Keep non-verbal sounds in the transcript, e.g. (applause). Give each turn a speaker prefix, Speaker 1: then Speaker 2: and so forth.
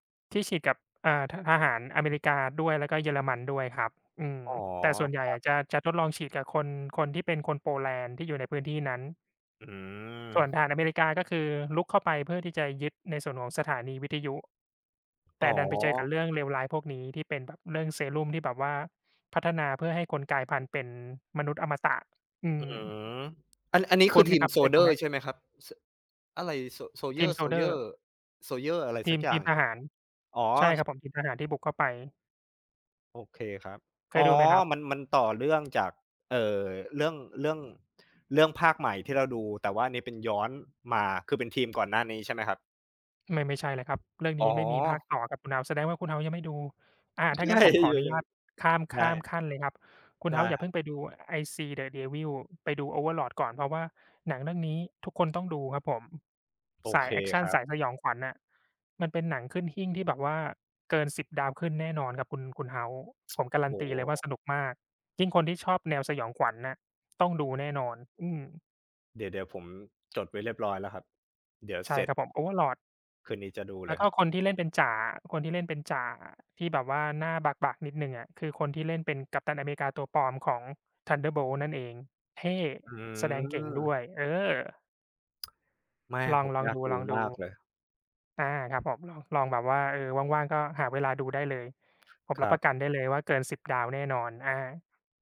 Speaker 1: ที่ฉีดกับ อ่า ท ทหารอเมริกาด้วย แล้วก็เยอรมันด้วยครับ อืม
Speaker 2: อ๋อ
Speaker 1: แต่ส่วนใหญ่
Speaker 2: ครั
Speaker 1: อ
Speaker 2: บ
Speaker 1: ะ จะ จะทดลองฉีดกับคน คนที่เป็นคนโปแลนด์ที่อยู่ในพื้นที่นั้น
Speaker 2: อื
Speaker 1: ส่วน
Speaker 2: ม
Speaker 1: ทหารอเมริกา ก็คือรุกเข้าไปเพื่อที่จะยึดในส่วนของสถานีวิทยุ แ
Speaker 2: อ
Speaker 1: ต
Speaker 2: ๋
Speaker 1: ่ดันไปเจอกั
Speaker 2: อ
Speaker 1: บเรื่องเลวร้ายพวกนี้ ที่เป็นแบบเรื่องเซรุ่มที่แบบว่าพัฒนาเพื่อให้คนกลายพันธุ์เป็นมนุษย์อมตะ อื
Speaker 2: อื
Speaker 1: ม
Speaker 2: ม อัน อันนี้
Speaker 1: ค
Speaker 2: ค
Speaker 1: ุ
Speaker 2: ื
Speaker 1: ้
Speaker 2: อ
Speaker 1: นไ
Speaker 2: ท
Speaker 1: หม
Speaker 2: ิน
Speaker 1: ครับ?
Speaker 2: โซ
Speaker 1: เค
Speaker 2: ล
Speaker 1: ย
Speaker 2: เจ
Speaker 1: ดู
Speaker 2: อร
Speaker 1: ไห
Speaker 2: ์
Speaker 1: ม?
Speaker 2: ใช่ไหมครับ ส อะไร โซ โซลเ
Speaker 1: ท
Speaker 2: ยอ
Speaker 1: ิม
Speaker 2: ร์
Speaker 1: โซ
Speaker 2: โซ
Speaker 1: ล
Speaker 2: ล
Speaker 1: เจ
Speaker 2: เจ
Speaker 1: อ
Speaker 2: อ
Speaker 1: ร
Speaker 2: ร
Speaker 1: ์
Speaker 2: ์ โซลเจอร์ อะไร
Speaker 1: ท
Speaker 2: ส
Speaker 1: ี
Speaker 2: ัก
Speaker 1: ม
Speaker 2: อย
Speaker 1: ท
Speaker 2: ่า
Speaker 1: ี
Speaker 2: ง
Speaker 1: มท
Speaker 2: ครั
Speaker 1: ห
Speaker 2: บ
Speaker 1: าร
Speaker 2: อ๋อ
Speaker 1: ใช่ ค
Speaker 2: ช
Speaker 1: รับผม ทีมทหารที่บุกเข้าไป
Speaker 2: โอเคครับ
Speaker 1: เค
Speaker 2: อ
Speaker 1: ย
Speaker 2: ๋อ
Speaker 1: ดูไหมครับ?
Speaker 2: มัน มันต่อเรื่อง จาก เอ่อ เรื่อง เรื่อง เรื่องภาคใหม่ที่เราดู แต่ว่าอันนี้เป็นย้อนมา คือเป็นทีม ก่อนหน้านี้ใช่ไหมครับ?
Speaker 1: ไม่ ไม่ใช่เลยครับ เรื่อง
Speaker 2: อ๋
Speaker 1: นี้
Speaker 2: อ
Speaker 1: ไม่มีภาคต่อครับคุณเฮาส์ แสดงว่าคุณเฮาส์ยังไม่ดู อ่า ถ้า
Speaker 2: ใช
Speaker 1: งั
Speaker 2: ่
Speaker 1: ้นผ
Speaker 2: เ
Speaker 1: มขอ
Speaker 2: อ
Speaker 1: อนุญ
Speaker 2: อ
Speaker 1: าต
Speaker 2: ๆ
Speaker 1: ข้าม
Speaker 2: ใ
Speaker 1: ข
Speaker 2: ช
Speaker 1: ้าม
Speaker 2: ่
Speaker 1: ขั้นเลยครับ คุณ
Speaker 2: ได
Speaker 1: เ
Speaker 2: ้
Speaker 1: ฮาส์อย่
Speaker 2: ค
Speaker 1: า
Speaker 2: ร
Speaker 1: เพ
Speaker 2: ับ
Speaker 1: ิ่งไปดูไอซีเดอะเดวิล ไปดู Overlord ก่อน เพราะว่าหนังเรื่องนี้ทุกคนต้องดูครับผม
Speaker 2: โอ
Speaker 1: สา
Speaker 2: เ
Speaker 1: ย
Speaker 2: ค
Speaker 1: แอกชั
Speaker 2: ค
Speaker 1: น
Speaker 2: รั
Speaker 1: ส
Speaker 2: บ
Speaker 1: ายสยองขวัญอะ มันเป็นหนังขึ้นหิ้งที่แบบว่าเกิน 10 ดาวขึ้นแน่นอนครับคุณ คุณเฮาส์
Speaker 2: (tsk)
Speaker 1: ผมการั
Speaker 2: โอ
Speaker 1: น
Speaker 2: ้
Speaker 1: ตี
Speaker 2: โ
Speaker 1: เลยว่า
Speaker 2: ฮ
Speaker 1: สนุกมาก ยิ่งคนที่ชอบแนวสยองขวัญอะต้องดูแน่นอน อืม
Speaker 2: เดี๋ยว เดี๋ยว ผมจดไว้เรียบร้อยแล้วครับ เดี๋ยว
Speaker 1: ใช
Speaker 2: เส
Speaker 1: ่
Speaker 2: ร็
Speaker 1: ค
Speaker 2: จ
Speaker 1: รับผม Overlord
Speaker 2: คืนนี้จะดู
Speaker 1: แ
Speaker 2: เ
Speaker 1: ล
Speaker 2: ล
Speaker 1: ้
Speaker 2: ย
Speaker 1: วก
Speaker 2: ค
Speaker 1: ็
Speaker 2: รับ
Speaker 1: คนที่เล่นเป็นจ่าอะ คนที่เล่นเป็นจ่าอะ ที่แบบว่าหน้าบาก ๆ นิดหนึ่งอะ คือคนที่เล่นเป็นกัปตันอเมริกาตัวปลอมของ Thunderbolts นั่นเอง เท่
Speaker 2: อื
Speaker 1: แสดงเก่งด้
Speaker 2: ม
Speaker 1: วย เออ
Speaker 2: (tsk) ไม่
Speaker 1: ลอ
Speaker 2: ผ
Speaker 1: ง
Speaker 2: ม
Speaker 1: ลอง
Speaker 2: อยา
Speaker 1: ดู
Speaker 2: กด
Speaker 1: ล
Speaker 2: ู
Speaker 1: องดู
Speaker 2: มากเลย
Speaker 1: อา ครับผม ลองแบบว่า เออ ว่าง ๆ ก็หาเวลาดูได้เลย ผม
Speaker 2: ค
Speaker 1: รั
Speaker 2: ร
Speaker 1: บ
Speaker 2: ั
Speaker 1: ปร
Speaker 2: บ
Speaker 1: ะกันได้เลยว่าเกิน 10 ดาวแน่นอน อา